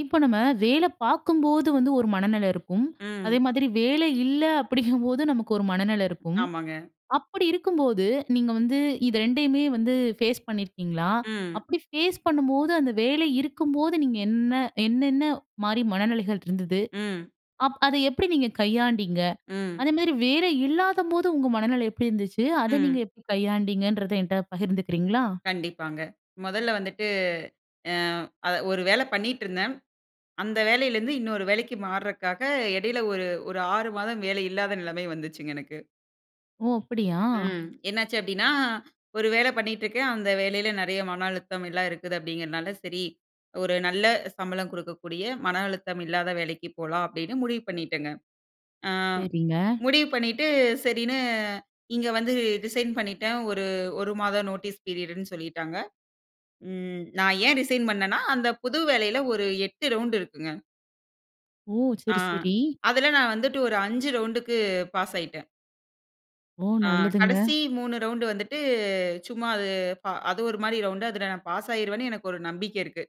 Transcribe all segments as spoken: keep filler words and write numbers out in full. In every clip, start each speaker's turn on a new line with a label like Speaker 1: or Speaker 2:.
Speaker 1: இப்ப நம்ம வேலை பார்க்கும்போது வந்து ஒரு மனநிலை இருக்கும்.
Speaker 2: ம்.
Speaker 1: அதே மாதிரி வேலை இல்ல அப்படிங்கும்போது, நமக்கு ஒரு மனநிலை இருக்கும்.
Speaker 2: ஆமாங்க.
Speaker 1: அப்படி இருக்கும்போது, நீங்க வந்து இத ரெண்டையுமே வந்து ஃபேஸ் பண்ணியிருக்கீங்களா?
Speaker 2: ம்.
Speaker 1: அப்படி ஃபேஸ் பண்ணும்போது, அந்த வேலை இருக்கும்போது, நீங்க என்ன என்னென்ன மாரி மனநிலைகள் இருந்தது?
Speaker 2: ம்.
Speaker 1: அப் அத எப்படி நீங்க கையாண்டீங்க?
Speaker 2: ம்.
Speaker 1: அதே மாரி வேலை இல்லாதபோது உங்க மனநிலை எப்படி இருந்துச்சு? அத நீங்க
Speaker 2: ம்.
Speaker 1: எப்படி கையாண்டீங்கன்றத, என்ட்ட பகிர்ந்துக்கிறீங்களா?
Speaker 2: கண்டிப்பாங்க. மொதல்ல வந்துட்டு அ அ ஒரு வேலை பண்ணீட்டுருந்தேன். அந்த வேலையிலிருந்து இன்னொரு வேலைக்கு மாறக்காக இடையில ஒரு ஒரு ஆறு மாதம் வேலை இல்லாத நெலைமை வந்துச்சுங்க எனக்கு.
Speaker 1: ஓ! அப்படியா!
Speaker 2: ம். என்னாச்சு அப்படீன்னா, ஒரு வேலை பண்ணிட்டுருக்கேன். அந்த வேலையில நெறைய மன அழுத்தம், எல்லாம் இருக்குது அப்படிங்கிறதனால, "சரி! ஒரு நல்ல சம்பளம் குடுக்கக்கூடிய, மன அழுத்தம் இல்லாத வேலைக்கு போலாம்." அப்படீன்னு முடிவு பண்ணிட்டேங்க. அ
Speaker 1: சரிங்க.
Speaker 2: முடிவு பண்ணீட்டு, சரின்னு இங்க வந்து ரிசைன் பண்ணிட்டேன். ஒரு ஒரு மாத நோட்டீஸ் பீரியடுன்னு சொல்லிட்டாங்க. ம். நான் ஏன் ரிசைன் பண்ணேன்னா, அந்த புது வேலையில ஒரு எட்டு ரவுண்ட் இருக்குங்க.
Speaker 1: ஓ!
Speaker 2: ஆ. ஆ
Speaker 1: சரி சரி.
Speaker 2: அதில நான் வந்துட்டு ஒரு அஞ்சு ரவுண்ட்க்கு பாஸ் ஆகிட்டேன்.
Speaker 1: ஓ
Speaker 2: ஆ
Speaker 1: நல்லதுங்க.
Speaker 2: கடைசி மூணு ரவுண்ட் வந்துட்டு சும்மா அது ப அது ஒரு மாரி ரவுண்ட் அதில நான் பாஸ் ஆகிருவேன்னு எனக்கு ஒரு நம்பிக்கை இருக்கு.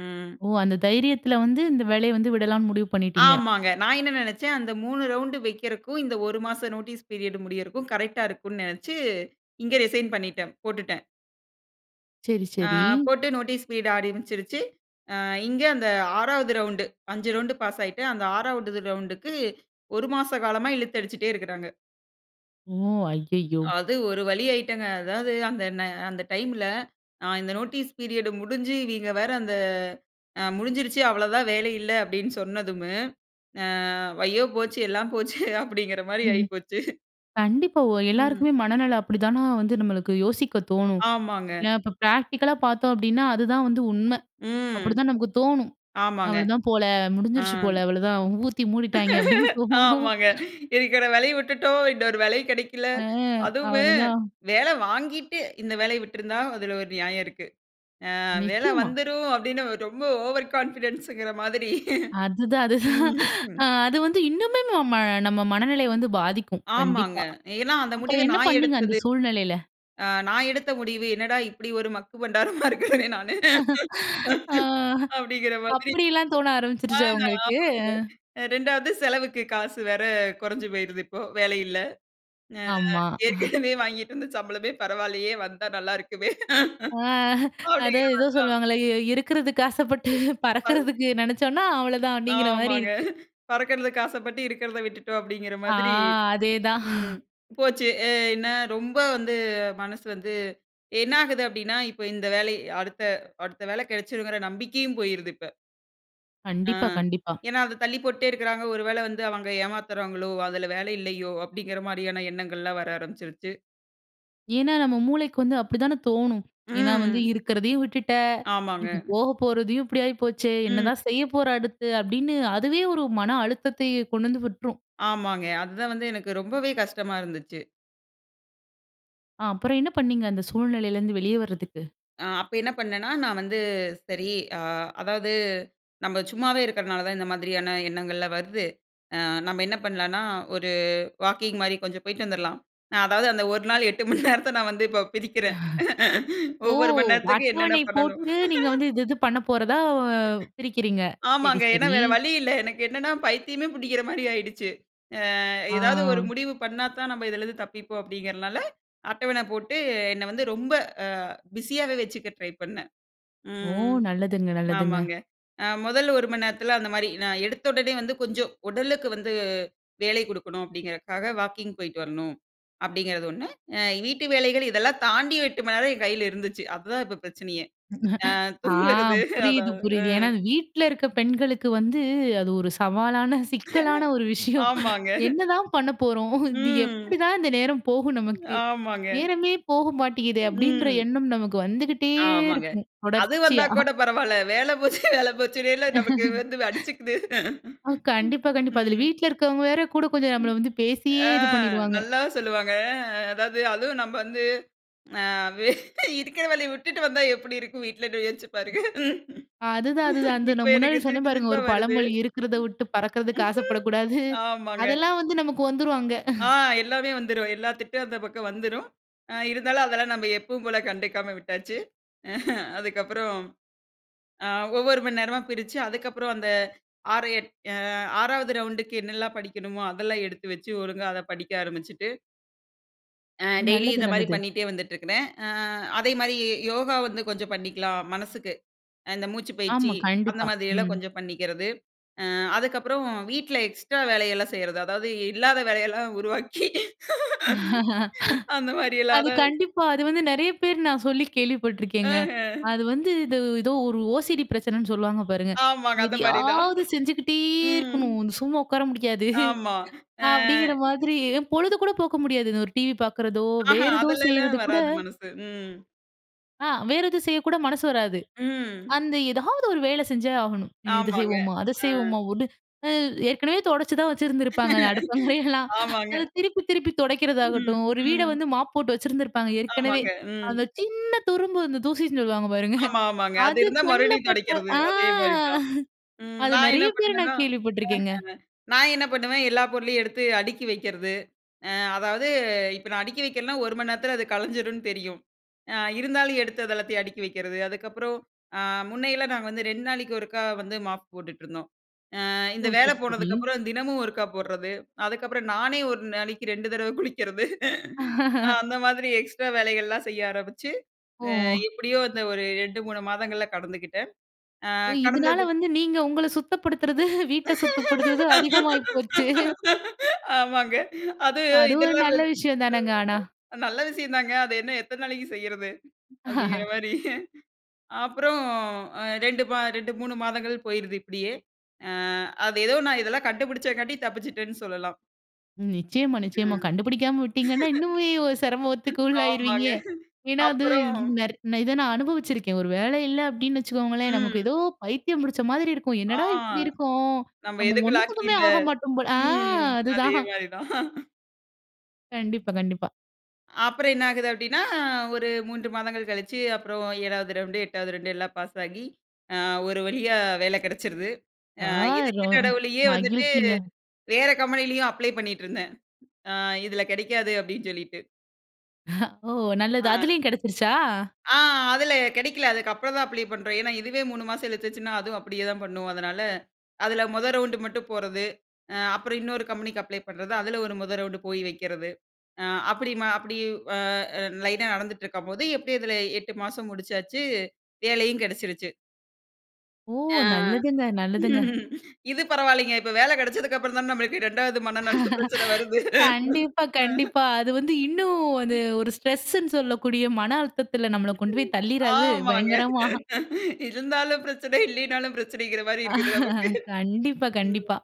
Speaker 2: ம்.
Speaker 1: ஓ அந்த தைரியத்துல வந்து இந்த வேலைய வந்து விடலாம்னு முடிவு பண்ணிட்டீங்க.
Speaker 2: ஆமாங்க. நான் என்ன நெனைச்சேன்? அந்த மூணு ரவுண்ட்டு வைக்கிறதுக்கும் இந்த ஒரு மாசம் நோட்டீஸ் பீரியட் முடியறதுக்கும் கரெக்ட்டா இருக்கும்ன்னு நெனைச்சு இங்க ரிசைன் பண்ணிட்டேன். போட்டுட்டேன்.
Speaker 1: சரி
Speaker 2: ஆ
Speaker 1: சரி.
Speaker 2: போட்டு நோட்டீஸ் பீட் ஆரம்பிச்சிருச்சசு. அ இங்க அந்த ஆறாவது ரவுண்ட்டு அஞ்சு ரவுண்ட் பாஸ் ஆகிட்டு அந்த ஆறாவது ரவுண்ட்க்கு ஒரு மாச காலமா இழுத்து அடிச்சுட்டே இருக்காங்க.
Speaker 1: ஓ! ஐயையோ!
Speaker 2: அது ஒரு வழி ஆயிட்டேங்க. அதாவது அந்த அந்த ந டைம்ல அ இந்த நோட்டீஸ் பீரியட் முடிஞ்சு இவைய்ங்க வேற அந்த முடிஞ்சுருச்சு அவ்ள தான் வேலை இல்ல அப்படின்னு சொன்னதும்மு ஐயோ! போச்சு எல்லாம் போச்சே அப்டின்கிற மாரி ஆகி போச்சு.
Speaker 1: கண்டிப்பா ஒ
Speaker 2: ம்.
Speaker 1: எல்லாருக்குமே மனநிலை அப்படிதானா வந்து நம்மளுக்கு யோசிக்க தோணும்.
Speaker 2: ஆமாங்க.
Speaker 1: இல்ல இப்ப பிராக்டிகலா பார்த்தோம் அப்டின்னா, அதுதான் வந்து உண்மை.
Speaker 2: ம்.
Speaker 1: அப்டிதான் நமக்கு தோணும்.
Speaker 2: ஆமாங்க.
Speaker 1: அவ்வளதான் போல
Speaker 2: ஆ.
Speaker 1: முடிஞ்சுருச்சு போல அவ்வளதான் ஊத்தி மூடிட்டாங்க அப்டின்னு தோணும்
Speaker 2: ஆமாங்க இருக்குற வேலையும் விட்டுட்டோம் இன்னொரு வேலையும் கெடைக்கல.
Speaker 1: அ
Speaker 2: அதுவும்
Speaker 1: அவ்வளதான்.
Speaker 2: வேலை வாங்கிட்டு இந்த வேலைய விட்டுருந்தா அதில ஒரு நியாயம் இருக்கு. ஆ வேலை
Speaker 1: நிச்சயமா.
Speaker 2: வந்துரும் அப்டின்னு ரொம்ப ஓவர் கான்ஃபிடன்ஸ்ன்கிற மாதிரி.
Speaker 1: அதுதான் அதுதான்.
Speaker 2: ம்.
Speaker 1: அது வந்து இன்னுமே ம நம்ம மனநிலை வந்து பாதிக்கும்
Speaker 2: ஆமாங்க.
Speaker 1: கண்டிப்பா.
Speaker 2: ஏன்னா அந்த முடிவ
Speaker 1: அப்புறம் என்ன
Speaker 2: நான்
Speaker 1: பண்ணீங்க அந்த
Speaker 2: எடுத்தது.
Speaker 1: சூழ்நிலையில?
Speaker 2: அ நான் எடுத்த முடிவு, என்னடா இப்டி ஒரு மக்கு பண்டாரமா இருக்கிறேன் நானு
Speaker 1: ஆ
Speaker 2: அப்டின்கிற மாதிரி.
Speaker 1: அப்படியெல்லாம் தோண
Speaker 2: ஆ
Speaker 1: ஆரம்பிச்சிருச்சா உங்களுக்கு?
Speaker 2: ஆமாங்க ரெண்டாவது செலவுக்கு காசு வேற கொறஞ்சு போய்ருது இப்போ, வேலை இல்ல. அ
Speaker 1: ஆமா. அ.
Speaker 2: ஏற்கனவே வாங்கிட்டு வந்து சம்பளமே பரவாயில்லையே! வந்தா நல்லா இருக்குமே.
Speaker 1: ஆ.
Speaker 2: அப்டிங்கிற
Speaker 1: அதான் ஏதோ
Speaker 2: மாரிதான்.
Speaker 1: சொல்லுவாங்கல்ல இ "இருக்கறதுக்கு ஆசைப்பட்டு
Speaker 2: [unintelligible]
Speaker 1: பறக்கறதுக்கு நெனைச்சோம்னா" அவ்ளோதான் அப்டிங்கிற மாரி
Speaker 2: ஆமாங்க
Speaker 1: இருக்கு
Speaker 2: "பறக்கறதுக்கு ஆசப்பட்டு இருக்கறத விட்டுட்டோம்" அப்டின்கிற
Speaker 1: ஆ
Speaker 2: மாதிரி
Speaker 1: அதேதான்.
Speaker 2: ம் போச்சு. என்ன ரொம்ப வந்து மனசு வந்து என்ன ஆகுது? அப்டின்னா இப்ப இந்த வேலை அடுத்த அடுத்த வேலை கெடைச்சிரும்ன்கிற நம்பிக்கையும் போய்ருது இப்ப. ஆ.
Speaker 1: கண்டிப்பா, கண்டிப்பா.
Speaker 2: ஏன்னா, அத தள்ளி போட்டே இருக்கிறாங்க. "ஒரு வேளை வந்து அவங்க ஏமாத்துறாங்களோ? அதுல வேலை இல்லையோ?" அப்படிங்கிற மாரியான எண்ணங்கள்லாம் வர ஆரம்பிச்சுருச்சு.
Speaker 1: ஏன்னா, நம்ம மூளைக்கு வந்து அப்படித்தான தோணும். ஏன்னா வந்து,
Speaker 2: ம்.
Speaker 1: "இருக்கிறதையும் விட்டுட்ட ம்,
Speaker 2: ஆமாங்க.
Speaker 1: ம். போக போறதையும் இப்படி ஆயி போச்சே!
Speaker 2: ம்.
Speaker 1: என்னதான் செய்ய போற அடுத்து?" அப்படீன்னு அதுவே ஒரு மன அழுத்தத்தையே கொண்டு வந்து விட்டுரும்.
Speaker 2: ஆமாங்க. அதுதான் வந்து எனக்கு ரொம்பவே கஷ்டமா இருந்துச்சு.
Speaker 1: ஆ. அப்புறம் என்ன பண்ணீங்க, அந்த சூழ்நிலையிலிருந்து வெளியே வரதுக்கு?
Speaker 2: அ அப்ப என்ன பண்ணேன்னா, நான் வந்து, "சரி" அ அதாவது, "நம்ப சும்மாவே இருக்கறனால தான், இந்த மாதிரியான எண்ணங்கள்லாம் வர்து அ நம்ம என்ன பண்ணலாம்ன்னா, ஒரு வாக்கிங் மாரி கொஞ்சம் போய்ட்டு வந்துரலாம்." அதாவது அந்த ஒரு நாள், எட்டு மணி நேரத்தை நான் வந்து இப்ப பிதிக்கறேன்.
Speaker 1: ஓ!
Speaker 2: ஒவ்வொரு மணி நேரத்துக்கும், என்னென்ன
Speaker 1: அட்டவணை
Speaker 2: பண்ணணும்?
Speaker 1: போட்டு, நீங்க வந்து இது இது பண்ண போறதா, அ வ் பிரிக்கிறீங்க. சரி,
Speaker 2: ஆமாங்க. ஏன்னா,
Speaker 1: சரி.
Speaker 2: வேற வழி இல்லை. எனக்கு, என்னன்னா பைத்தியமே புடிக்கிற மாரி ஆயிடுச்சு. "அ ஏதாவது ஒரு
Speaker 1: ஆ.
Speaker 2: முடிவு பண்ணாத்தான், நம்ம இதுலேருந்து தப்பிப்போம்." அப்படிங்கிறனால அட்டவணை போட்டு என்னை வந்து ரொம்ப அ பிஸியாவே வச்சுக்க ட்ரை பண்ணேன். ம்,
Speaker 1: ஓ!
Speaker 2: ம்.
Speaker 1: நல்லதுங்க, நல்லதுங்க.
Speaker 2: ஆமாங்க. அ மொதல் ஒரு மணி நேரத்தில அந்த மாரி, நான் எடுத்தவுடனே வந்து கொஞ்சம் உடலுக்கு வந்து வேலை குடுக்கணும், அப்படீங்கிறதுக்காக "வாக்கிங் போயிட்டு வரணும்." அப்படிங்கிறது ஒண்ணு. அ வீட்டு வேலைகள் இதெல்லாம் தாண்டி, எட்டு மணி நேரம் என் கையில இருந்துச்சு. அதுதான் இப்ப பிரச்சனையே. அ
Speaker 1: ஆ.
Speaker 2: தூங்குறது
Speaker 1: புரியுது,
Speaker 2: அதான்.
Speaker 1: புரியுது. ஏன்னா
Speaker 2: ம்.
Speaker 1: இது வீட்ல இருக்க பெண்களுக்கு வந்து அது ஒரு சவாலான, சிக்கலான ஒரு விஷயம்.
Speaker 2: ஆமாங்க.
Speaker 1: "என்ன தான் பண்ணப் போறோம்? இது
Speaker 2: ம்.
Speaker 1: எப்படி தான் இந்த நேரம் போகும் நமக்கு?
Speaker 2: ஆமாங்க.
Speaker 1: நேரமே போக மாட்டேங்கிதே." அப்படின்ற
Speaker 2: ம்.
Speaker 1: எண்ணம் நமக்கு வந்துக்கிட்டே
Speaker 2: ஆமாங்க.
Speaker 1: இருக்கும்,
Speaker 2: அது வந்தா
Speaker 1: தொடர்ச்சியா.
Speaker 2: கூட பரவால்ல. வேலை போச்சு, வேலை போச்சுன்னேல்ல நமக்கு வந்து வ் அடிச்சுக்குது.
Speaker 1: ஆ. கண்டிப்பா, கண்டிப்பா. இதுல
Speaker 2: ம்.
Speaker 1: வீட்ல இருக்கவங்க வேற கூட கொஞ்சம் நம்மள வந்து பேசியே
Speaker 2: ஆ.
Speaker 1: இது பண்ணிருவாங்க.
Speaker 2: நல்லா சொல்லுவாங்க. அதாவது அதுவும் நம்ம வந்து அ வே இருக்கிற வேலையை விட்டுட்டு வந்தா எப்படி இருக்கும் வீட்லன்னு யோச்சு பாருங்க.
Speaker 1: அதுதான், அதுதான். அந்த
Speaker 2: இப்ப
Speaker 1: நான் முன்னாடி
Speaker 2: எனக்கு
Speaker 1: சொன்னேன்
Speaker 2: சிரிப்பு
Speaker 1: பாருங்க
Speaker 2: சிரிப்பா
Speaker 1: ஒரு
Speaker 2: வருது.
Speaker 1: பழமொழி, "இருக்கிறதை விட்டு பறக்கிறதுக்கு ஆசைப்படக்கூடாது."
Speaker 2: ஆமாங்க.
Speaker 1: அதெல்லாம் வந்து நமக்கு வந்துரும், அங்க.
Speaker 2: ஆ. எல்லாமே வந்துரும். எல்லா திட்டும் அந்த பக்கம் வந்துரும். அ இருந்தாலும், அதெல்லாம் நம்ப எப்பும் போல கண்டுக்காம விட்டாச்சு. அதுக்கப்புறம், அ ஒவ்வொரு மணி நேரமா பிரிச்சு அதுக்கப்புறம் அந்த ஆறு எட் அ ஆறாவது ரவுண்டுக்கு என்னெல்லாம் படிக்கணுமோ, அதெல்லாம் எடுத்து வச்சு ஒழுங்கா அத படிக்க ஆரம்பிச்சுட்டு, ஆ. டெய்லி
Speaker 1: நல்லது,
Speaker 2: இந்த மாரி
Speaker 1: நல்லது.
Speaker 2: பண்ணிட்டே வந்துட்டு இருக்குறேன். ஆ அதே மாரி ஏ யோகா வந்து கொஞ்சம் பண்ணிக்கலாம் மனசுக்கு, அ இந்த மூச்சுப் பயிற்சி
Speaker 1: ஆமா. கண்டிப்பா.
Speaker 2: அந்தமாதிரி எல்லாம்
Speaker 1: ம்.
Speaker 2: கொஞ்சம் பண்ணிக்குறது. அ அதுக்கப்புறம் வீட்ல எக்ஸ்ட்ரா வேலையெல்லாம் செய்யுறது, அதாவது இல்லாத வேலையெல்லாம் உருவாக்கி, அந்த
Speaker 1: அது
Speaker 2: மாரியில்லாத வ்
Speaker 1: கண்டிப்பா அது வந்து நெறய பேர் நான் சொல்லி கேள்விப்பட்டுருக்கேங்க.
Speaker 2: அஹ.
Speaker 1: அது வந்து இது ஏதோ ஒரு ஓசிடி பிரச்சனன்னு சொல்லுவாங்க பாருங்க,
Speaker 2: ஆமாங்க, அந்த மாரி தான்.
Speaker 1: எதயாவது செஞ்சுகிட்டே
Speaker 2: ம்.
Speaker 1: இருக்கணும், இந்த சும்மா உட்கார முடியாது.
Speaker 2: ஆமா. அ.
Speaker 1: அப்டிங்குற மாதிரி, பொழுது கூட போக்க முடியாது, இந்த ஒரு டிவி பாக்குறதோ,
Speaker 2: ஆஹா
Speaker 1: வேற ஏதோ
Speaker 2: அதுலெல்லாம்,
Speaker 1: செய்யுறது கூட
Speaker 2: வராது மனசு ம்.
Speaker 1: ஆ, வேறு எதுவும் செய்யக்கூட மனசு வராது.
Speaker 2: ம்.
Speaker 1: அந்த ஏதாவது ஒரு வேல செஞ்சே ஆகணும். இத
Speaker 2: ஆமாங்க.
Speaker 1: செய்வோமா அத
Speaker 2: அ.
Speaker 1: செய்வோமா ஓடு அ ஏற்கனவே தொடைச்சு தான் வச்சுருந்துருப்பாங்க, அந்த அடுப்பங்காறயெல்லாம்,
Speaker 2: ஆமாங்க.
Speaker 1: அத திருப்பி திருப்பி
Speaker 2: ம்,
Speaker 1: தொடைக்குறதாகட்டும். ஒரு வீட
Speaker 2: ம்.
Speaker 1: வந்து மாப் போட்டு வச்சிருந்திருப்பாங்க ஏற்கனவே,
Speaker 2: ஆமாங்க. ம்
Speaker 1: அந்த சின்ன துரும்பு வந்து தூசின்னு சொல்லுவாங்க பாருங்க
Speaker 2: ஆமா, ஆமாங்க. அது
Speaker 1: அது
Speaker 2: இருந்தா
Speaker 1: கண்ல
Speaker 2: மறுபடியும்
Speaker 1: பட்ட
Speaker 2: தொடைக்குறது.
Speaker 1: ஆ
Speaker 2: அதே மாரி தான். ம்,
Speaker 1: அது
Speaker 2: நான்
Speaker 1: நெறய
Speaker 2: என்ன
Speaker 1: பேர
Speaker 2: பண்ணுவேன்னா
Speaker 1: நான் கேள்விப்பட்டுருக்கேங்க.
Speaker 2: அஹ. நான் என்ன பண்ணுவேன், எல்லா பொருளையும் எடுத்து அடுக்கி வெக்குறது. அ அதாவது இப்போ நான் அடுக்கி வெக்கலனா, ஒரு மணி நேரத்துல அது கலைஞ்சிடும்னு தெரியும். அ இருந்தாலும் எடுத்து அத எல்லாத்தையும் அடுக்கி வெக்குறது அதுக்கப்புறம், அ முன்னையெல்லாம் நாங்க வந்து ரெண்டு நாளைக்கு ஒருக்கா வந்து மாப் போட்டுட்டுருந்தோம். அ இந்த
Speaker 1: ஓ.
Speaker 2: வேல
Speaker 1: சரி, சரி.
Speaker 2: போனதுக்கப்புறம் தினமும் ஒருக்கா போடுறது அதுக்கப்புறம் நானே ஒரு நாளைக்கு ரெண்டு தடவ குளிக்குறது. நான் அந்த மாதிரி எக்ஸ்ட்ரா வேலைகள்லாம் செய்ய ஆரம்பிச்சு. அ
Speaker 1: ஓ.
Speaker 2: எப்டியோ அந்த ஒரு ரெண்டு, மூணு மாதங்கள்ல கடந்துக்கிட்டேன். அ
Speaker 1: ஓ. இதனால
Speaker 2: கடந்தது
Speaker 1: வந்து நீங்க உங்கள சுத்தப்படுத்துறது, வீட்ட சுத்தப்படுத்துறது அதிகமாகி போயிச்சே.
Speaker 2: ஆமாங்க. அது
Speaker 1: அது ஒரு
Speaker 2: இதெல்லாம் வ
Speaker 1: நல்ல
Speaker 2: [unintelligible]
Speaker 1: விஷயம் தானங்க ஆனா.
Speaker 2: நல்ல விஷயம் தாங்க, அது இன்னும் எத்தன நாளைக்கு செய்யுறது. அப்டிங்குற மாரி. அப்புறம், அ இரண்டு ம இரண்டு, மூணு மாதங்கள் போயுறது இப்டியே. அ அது ஏதோ நான் இதெல்லாம் கண்டுபிடிச்சக்காண்டி தப்பிச்சட்டேன்னு சொல்லலாம்.
Speaker 1: ம். நிச்சயமா, நிச்சயமா.
Speaker 2: ம்.
Speaker 1: கண்டுபுடிக்காம விட்டீங்கன்னா, இன்னுமே ஒரு சிரமத்துக்கு உள்ளாயிருவீங்க
Speaker 2: ஆமாங்க
Speaker 1: ஏனா, அது
Speaker 2: அப்புறம்.
Speaker 1: நெர் இத நான் அனுபவிச்சுருக்கேன். ஒரு வேல இல்ல, அப்பிடின்னு வச்சுக்கோங்களேன், நமக்கு
Speaker 2: ம்.
Speaker 1: ஏதோ, பைத்தியம் பிடுச்ச மாதிரி இருக்கும்.
Speaker 2: ஆ,
Speaker 1: என்னடா! இப்பிடி இருக்கோம்.
Speaker 2: நம்ம
Speaker 1: நம்ம
Speaker 2: எதுக்கும் லாக்கி
Speaker 1: ஒன்னுத்துக்குமே
Speaker 2: இல்ல.
Speaker 1: ஆக மாட்டோம் போல ஆ,
Speaker 2: ம். அதே
Speaker 1: அதுதான்.
Speaker 2: மாரி தான்
Speaker 1: கண்டிப்பா. கண்டிப்பா.
Speaker 2: அப்புறம், என்ன ஆகுது? அப்பிடினா, ஒரு மூன்று மாதங்கள் கழுச்சு, அப்புறம் ஏழாவது ரவுண்டு, எட்டாவது ரவுண்டு, எல்லாம் பாஸ் ஆகி, அ, ஒரு வழியா வேல கெடச்சுருது.
Speaker 1: ஆ,
Speaker 2: அ,
Speaker 1: ரொ
Speaker 2: இதுக்கு நடுவிலேயே வந்துட்டு,
Speaker 1: மகிழ்ச்சிங்க.
Speaker 2: வேற கம்பெனிலயும், அப்ளை பண்ணிட்டு இருந்தேன். அ, இதில கெடைக்காது, அப்பிடின்னு சொல்லிட்டு.
Speaker 1: ஓ, நல்லது.
Speaker 2: ஆ.
Speaker 1: அதுலயும் கெடச்சிருச்சா?
Speaker 2: ஆ, அதில கெடைக்கல. அதுக்கப்புறம் தான் அப்ளை பண்றோம். ஏன்னா, இதுவே மூனு மாசம் இழுத்துச்சுன்னா, அதுவும் அப்பிடியேதான் பண்ணும். அதனால, அதில மொத ரவுண்டு மட்டும் போறது. அ, அப்புறம் இன்னொரு கம்பெனிக்கு அப்ளை பண்றது. அதில, ஒரு மொத ரவுண்டு போய் வக்கிறது. அ, அப்படி, ம அப்படி அ லைன் ஆ நடந்துட்டு இருக்கும்போது, எப்பிடி இதில, எட்டு மாசம் முடுச்சாச்சு. வேலையும் கெடச்சிருச்சு.
Speaker 1: ஓ!
Speaker 2: ஆ.
Speaker 1: நல்லதுங்க. நல்லதுங்க.
Speaker 2: இது பரவால்லேங்க. இப்ப வேல கெடச்சதுக்கப்புறந்தான நம்மளுக்கு ரெண்டாவது மனநில பிரச்சனை வருது.
Speaker 1: கண்டிப்பா,
Speaker 2: அ
Speaker 1: கண்டிப்பா. அது வந்து இன்னும், அது ஒரு ஸ்ட்ரெஸ்ன்னு சொல்லக்கூடிய மன அழுத்தத்தில நம்மள கொண்டு போய் தள்ளிராது.
Speaker 2: ஆமாங்க
Speaker 1: பயங்கரமா!
Speaker 2: .இருந்தாலும் பிரச்சனை, இல்லையினாலும் பிரச்சனைங்கறமாரி இருக்குது, நமக்கு.
Speaker 1: கண்டிப்பா.
Speaker 2: ம்
Speaker 1: கண்டிப்பா.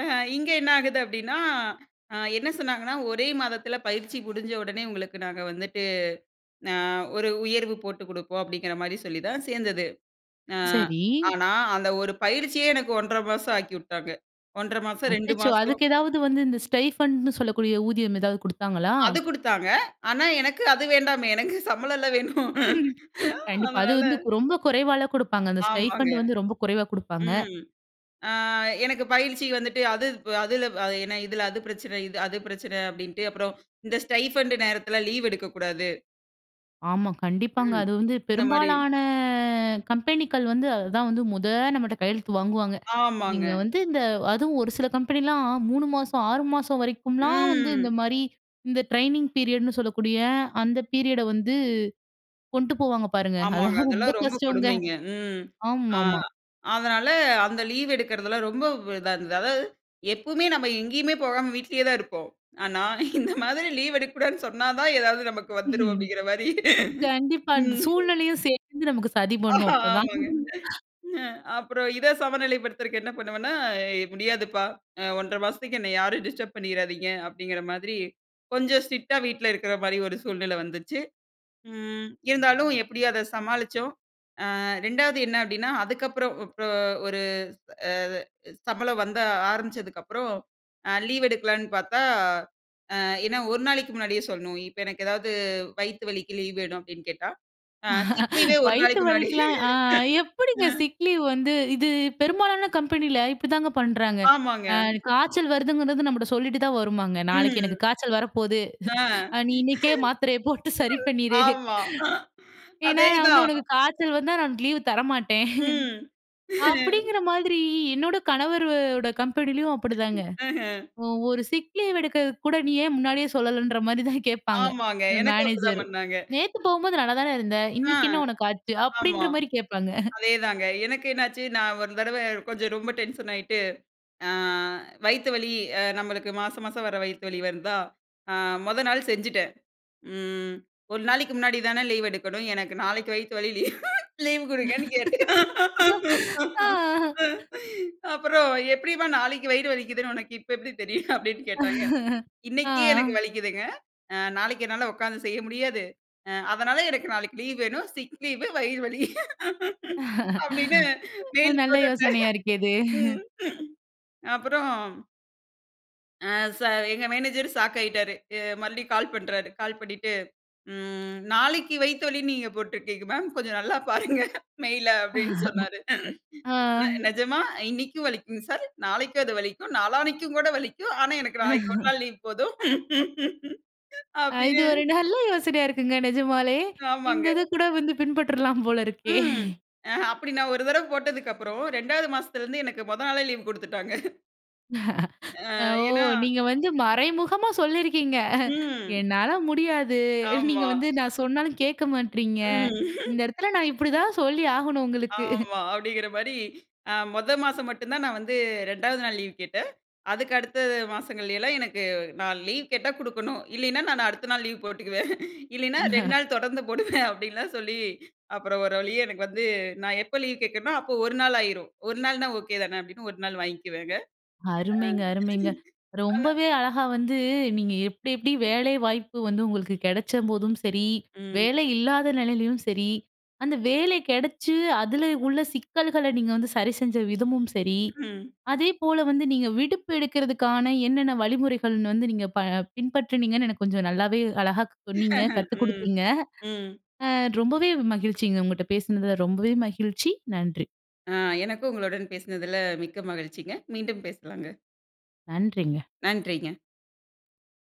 Speaker 2: அ இங்க என்ன ஆகுது? அப்டின்னா, அ என்ன சொன்னாங்கன்னா, "ஒரே மாதத்தில பயிற்சி முடிஞ்ச உடனே உங்களுக்கு நாங்க வந்துட்டு, ந ஒரு உயர்வு போட்டுக் குடுப்போம்" அப்டிங்கிற மாரி சொல்லி தான் சேந்தது. ஆ
Speaker 1: சரி.
Speaker 2: ஆனா, அந்த ஒரு பயிற்சியே எனக்கு ஒன்றை மாசம் ஆக்கிவிட்டாங்க. ஒன்றை மாசம் ரெண்டு
Speaker 1: அச்சச்சோ!
Speaker 2: மாசம்.
Speaker 1: அதுக்கு ஏதாவது வந்து, இந்த ஸ்டைஃபண்ட்ன்னு சொல்லக்கூடிய ஊதியம் எதாவது குடுத்தாங்களா?
Speaker 2: அது குடுத்தாங்க. ஆனா எனக்கு அது வேண்டாமே, எனக்கு சம்பளம்ல வேணும்.
Speaker 1: கண்டிப்பா அது
Speaker 2: அதனால
Speaker 1: வந்து கு ரொம்ப குறைவால குடுப்பாங்க. அந்த
Speaker 2: ஆமாங்க.
Speaker 1: ஸ்டைஃபண்ட் வந்து ரொம்ப குறைவா குடுப்பாங்க.
Speaker 2: ம். அ எனக்கு பயிற்சி வந்துட்டு அது இப்ப அதுல ஏன்னா, இதுல அது பிரச்சனை இது அது பிரச்சனை அப்டிண்ட்டு, அப்புறம் இந்த ஸ்டைஃபண்ட்டு நேரத்தில லீவ் எடுக்கக்கூடாது.
Speaker 1: ஆமா. கண்டிப்பாங்க.
Speaker 2: ம்.
Speaker 1: அது வந்து
Speaker 2: இந்த மாரி
Speaker 1: பெரும்பாலான கம்பெனிக்கள் வந்து, அதுதான் வந்து மொத நம்மட்ட கையெழுத்து வாங்குவாங்க. நீங்க
Speaker 2: ஆமாங்க.
Speaker 1: வந்து இந்த அதுவும் ஒரு சில கம்பெனிலாம், மூனு மாசம், ஆறு மாசம் வரைக்கும்லாம் வந்து இந்த
Speaker 2: ம்.
Speaker 1: மாரி, இந்த ட்ரெய்னிங் பீரியடுன்னு சொல்லக்கூடிய அந்த பீரியட வந்து, கொண்டு போவாங்க பாருங்க.
Speaker 2: ஆமாங்க.
Speaker 1: அதெல்லாம் ரொம்ப
Speaker 2: அதெல்லாம் ரொம்ப
Speaker 1: கஷ்டங்க
Speaker 2: கொடுமைங்க. ம். அ
Speaker 1: ஆமாமா.
Speaker 2: அதனால, அந்த லீவு எடுக்குறதெல்லாம் ரொம்ப வ் இதா இருந்தது. அதாவது, எப்போமே நம்ப எங்கேயுமே போகாம வீட்லயே தான் இருப்போம். ஆனா, இந்த மாதிரி லீவ் எடுக்கக்கூடாதுன்னு சொன்னா தான், ஏதாவது நமக்கு வந்துரும் அப்டிங்குற மாரி.
Speaker 1: கண்டிப்பா. அந்த
Speaker 2: ம்ஹ்
Speaker 1: சூழ்நிலையும் சேந்து நமக்கு சதி
Speaker 2: அஹ
Speaker 1: பண்ணும், அப்பதான்.
Speaker 2: ஆமாங்க. அ அப்புறம் இத சமநிலைப் படுத்தறதுக்கு என்ன பண்ணுவேன்னா, ஏய் "முடியாதுப்பா. அ ஒன்றரை மாசத்துக்கு என்னைய யாரும் டிஸ்டர்ப் பண்ணிறாதீங்க" அப்டிங்கிற மாதிரி கொஞ்சம் ஸ்ட்ரிக்ட்டா வீட்ல இருக்கற மாரி ஒரு சூழ்நிலை வந்துச்சு. ம் இருந்தாலும், எப்படியும் அதை சமாளிச்சோம். அ ரெண்டாவது என்ன அப்டின்னா, அதுக்கப்புறம் வுப்ரோ ஒரு அ சம்பளம் வந்த ஆரம்பிச்சதுக்கப்புறம், அ லீவ் எடுக்கலான்னு பாத்தா, அ ஏன்னா ஒரு நாளைக்கு முன்னாடியே சொல்லணும். இப்ப எனக்கு ஏதாவது "வயித்து வலிக்கு லீவு வேணும்" அப்டின்னு கேட்டா, அ சிக் லீவே ஒரு
Speaker 1: வயித்து
Speaker 2: நாளைக்கு முன்னாடி
Speaker 1: வலிக்கலாம் அ
Speaker 2: அ.
Speaker 1: எப்டிங்க சிக் லீவ் வந்து இது பெரும்பாலான கம்பெனில இப்டிதாங்க பண்றாங்க.
Speaker 2: ஆமாங்க.
Speaker 1: அ காய்ச்சல் வருதுங்கிறது நம்மட்ட சொல்லிட்டு தான் வருமாங்க? நாளைக்கு எனக்கு
Speaker 2: ம்.
Speaker 1: காய்ச்சல் வரப்போது.
Speaker 2: ஆ.
Speaker 1: அ நீ இன்னைக்கே மாத்திரைய போட்டு சரி பண்ணிரு.
Speaker 2: ஆமா.
Speaker 1: ஏன்னா, நான் வந்து
Speaker 2: அதேதான்.
Speaker 1: உனக்கு காய்ச்சல் வந்தா, நான் லீவு தரமாட்டேன்
Speaker 2: ம்.
Speaker 1: அப்டிங்கிற மாதிரி, என்னோட கணவரு ஓட கம்பெனிலயும் அப்டிதாங்க.
Speaker 2: அஹ.
Speaker 1: ஒவ்வொரு சிக் லீவ் எடுக்கிறதுக்கு கூட, நீ ஏன் முன்னாடியே சொல்லலன்ற மாரி தான் கேட்பாங்க.
Speaker 2: ஆமாங்க.
Speaker 1: அ
Speaker 2: எனக்கும் அப்டி தான்
Speaker 1: மேனேஜரு
Speaker 2: பண்ணாங்க.
Speaker 1: "நேத்து போம்போது நல்லாதானே இருந்த?
Speaker 2: ஆ
Speaker 1: இன்னைக்கு என்ன உனக்கு ஆச்சு?"
Speaker 2: ஆமா,
Speaker 1: அப்படின்ற மாரி கேட்பாங்க.
Speaker 2: அதேதாங்க. எனக்கு என்னாச்சு? நான் ஒரு தடவ, கொஞ்சம் ரொம்ப டென்ஷன் ஆயிட்டு, அ வயித்து வலி, அ நம்மளுக்கு மாச மாசம் வர வயித்து வலி வந்தா அ மொத நாள் செஞ்சுட்டேன். ம் ஒரு நாளைக்கு முன்னாடி தான லீவ் எடுக்கணும்! எனக்கு நாளைக்கு வயித்து வலி லீவ் லீவ் குடுங்கன்னு கேட்டேன்.
Speaker 1: ஆ.
Speaker 2: அப்புறம் எப்டிம்மா, "நாளைக்கு வயிறு வலிக்குதுன்னு உனக்கு இப்ப எப்டி தெரியும்?" அப்டின்னு கேட்டாங்க. "இன்னைக்கே எனக்கு
Speaker 1: ஆ.
Speaker 2: வலிக்குதுங்க. அ நாளைக்கு என்னால உக்காந்து செய்ய முடியாது. அ அதனால, எனக்கு நாளைக்கு லீவ் வேணும். சிக் லீவு வயிறு வலி." அப்டின்னு மெயில்
Speaker 1: நல்ல
Speaker 2: போட்டுட்டேன்.
Speaker 1: யோசனையா இருக்கே இது!
Speaker 2: ம். அப்புறம், ஆ சா எங்க மேனேஜர் ஷாக் ஆயிட்டாரு, அ மறுடியும் கால் பண்றாரு. கால் பண்ணிட்டு ம் நாளைக்கு வயித்த வலின்னு நீங்க போட்டிருக்கீங்க மேம், கொஞ்சம் நல்லா பாருங்க மெயில. அப்டின்னு சொன்னாரு.
Speaker 1: ஆ.
Speaker 2: நிஜமா இன்னைக்கும் வலிக்குங்க சார், நாளைக்கு அது வலிக்கும், நாளான்னிக்கும் கூட வலிக்கும். ஆனா, எனக்கு நாளைக்கு ஒரு நாள் லீவ் போதும்.
Speaker 1: அ இது
Speaker 2: அப்டின்னு
Speaker 1: ஒரு நல்ல யோசனையா இருக்குங்க நிஜமாலே.
Speaker 2: ஆமாங்க.
Speaker 1: இந்த இது கூட வந்து பின்பற்றலாம் போல இருக்கே.
Speaker 2: ம். அ அப்டி நான் ஒரு தடவ போட்டதுக்கப்புறம் ரெண்டாவது மாசத்தில இருந்து எனக்கு முதல் நாளே லீவ் குடுத்துவட்டாங்க. ஆ
Speaker 1: ஓ!
Speaker 2: ஏனா
Speaker 1: நீங்க வந்து மறைமுகமா சொல்லிருக்கிங்க.
Speaker 2: ம்.
Speaker 1: என்னால முடியாது. நீங்க
Speaker 2: ஆமா.
Speaker 1: வந்து நான் சொன்னாலும் கேட்க
Speaker 2: ம்.
Speaker 1: மாட்றீங்க. இந்த இடத்தில நான் இப்டி தான் சொல்லி ஆகணும் உங்களுக்கு.
Speaker 2: ஆமா அப்டிங்கிற மாரி, அ மொத மாசம் மட்டும் தான் நான் வந்து ரெண்டாவது நாள் லீவ் கேட்டேன். அதுக்கு அடுத்த மாசங்கள்லலாம் எனக்கு நான் லீவ் கேட்டா குடுக்கணும் இல்லைனா, நான் அடுத்த நாள் லீவ் போட்டுக்குவேன். இல்லைன்னா ரெண்டு நாள் தொடர்ந்து போடுவேன். அப்டின்லாம் சொல்லி அப்புறம் ஒரு வழியே எனக்கு வந்து, நான் எப்போ லீவ் கேட்கேனோ, அப்போ ஒரு நாள் ஆயிரும். ஒரு நாள்னா ஓகே தானே அப்டின்னு ஒரு நாள் வாங்கிக்குவேங்க.
Speaker 1: அருமைங்க,
Speaker 2: அ
Speaker 1: அருமைங்க.
Speaker 2: அ.
Speaker 1: ரொம்பவே அழகா வந்து நீங்க எப்டி எப்டி வேலை வாய்ப்பு வந்து உங்களுக்கு கிடைச்ச போதும் சரி,
Speaker 2: ம்.
Speaker 1: வேலை இல்லாத நிலையிலயும் சரி, அந்த வேலை கிடைச்சு அதில உள்ள சிக்கல்கள, நீங்க வந்து சரி செஞ்ச விதமும் சரி,
Speaker 2: ம்.
Speaker 1: அதேபோல வந்து நீங்க விடுப்பு எடுக்கிறதுக்கான என்னென்ன வழிமுறைகள்னு வந்து நீங்க ப பின்பற்றினீங்கன்னு எனக்கு கொஞ்சம் நல்லாவே அழகா சொன்னீங்க, கத்து
Speaker 2: ம்,
Speaker 1: குடுப்பீங்க.
Speaker 2: ம்.
Speaker 1: ஆ ரொம்பவே மகிழ்ச்சிங்க. உங்ககிட்ட பேசுனதில ரொம்பவே மகிழ்ச்சி! நன்றி!
Speaker 2: ஆ எனக்கும் உங்களுடன் பேசினதில மிக்க மகிழ்ச்சிங்க! மீண்டும் பேசலாங்க.
Speaker 1: நன்றிங்க.
Speaker 2: நன்றிங்க.